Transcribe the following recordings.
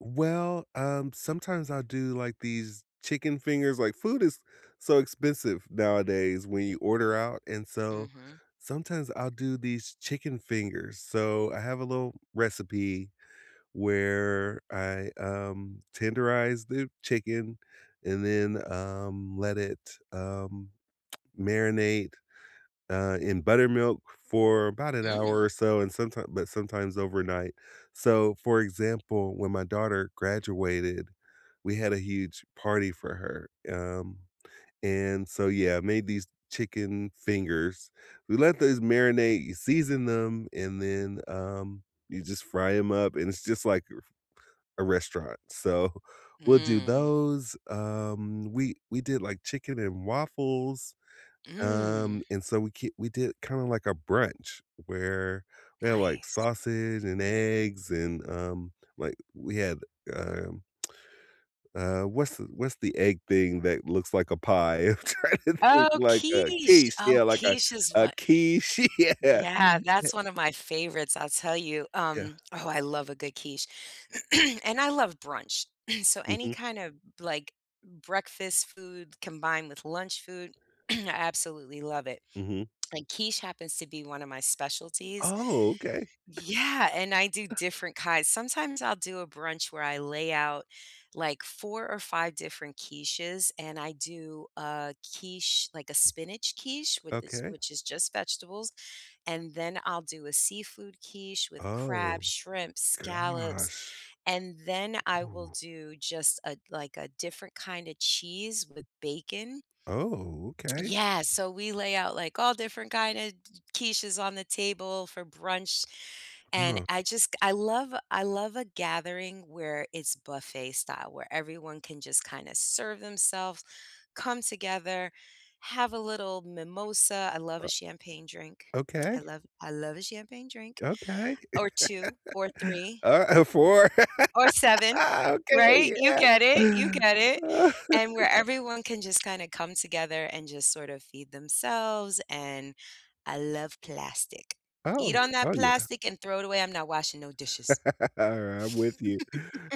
Well, um, sometimes I'll do like these chicken fingers, like, food is so expensive nowadays, when you order out, and so, Mhm. sometimes I'll do these chicken fingers. So, I have a little recipe where I, um, tenderize the chicken and then, um, let it, um marinate, uh, in buttermilk for about an hour or Mm. so, and sometime but sometimes overnight. So, for example, when my daughter graduated, we had a huge party for her, um, and so, yeah, made these chicken fingers. We let those marinate, you season them, and then, um, you just fry 'em up and it's just like re a restaurant. so, we'll do Mm. those, um, we we did, like, chicken and waffles, um, Mm. and so, we k we did it kinda like a brunch, where we had, like, Nice. sausage and eggs and, um, like, we had, um, uh, what's what's the egg thing that looks like a pie? I'm trying to think Oh, like a quiche. quiche, yeah Oh, like a quiche is a what? quiche. Yeah. Yeah, that's one of my favorites, I'll tell you. Yeah. Um, oh, I love a good quiche, and I love brunch. So, any Mhm. kinda, like, breakfast food combined with lunch food, I absolutely love it. Mhm. And quiche happens to be one of my specialties Oh, okay. Yeah, and I do different kinds. Sometimes I'll do a brunch where I lay out, like, 4 or 5 different quiches, and I do a quiche, like a spinach quiche with this Okay. which is just vegetables. And then I'll do a seafood quiche with Oh, crab, shrimp, scallops. gosh. And then I will Mm. do just a, like, a different kinda cheese with bacon. Oh, okay. Yeah, so we lay out, like, all different kinda d quiches on the table for brunch, and Huh. I just g I love I love a gathering where it's buffet style, where everyone can just kinda serve themselves, come together, have a little mimosa. I love a Uh champagne drink. Okay. I love I love a champagne drink, Okay. or 2 or 3 Alrigh 4. or 7. Ah, Right? okay. You get it, you get it. Yeah. And where everyone can just kinda come together and just sorta feed themselves, and I love plastic. Eat Oh, on oh, that yeah. plastic and throw it away. I'm not washing no dishes. Alright. I'm with you.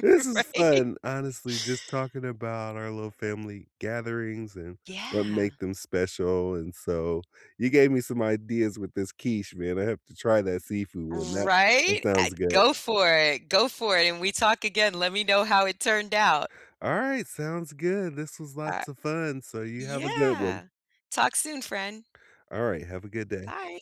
This is Right? fun, honestly, just talking about our little family gatherings and what Yeah. make them special, and so, you gave me some ideas with this quiche, man. I have to try that seafood one. That that Right? Uh, sounds good. go for it. Go for it. And we talk again, let me know how it turned out. Alright, sounds good. This was Uh lots of fun, so you have a good one. Yeah. Talk soon, friend. Alright, have a good day. Bye.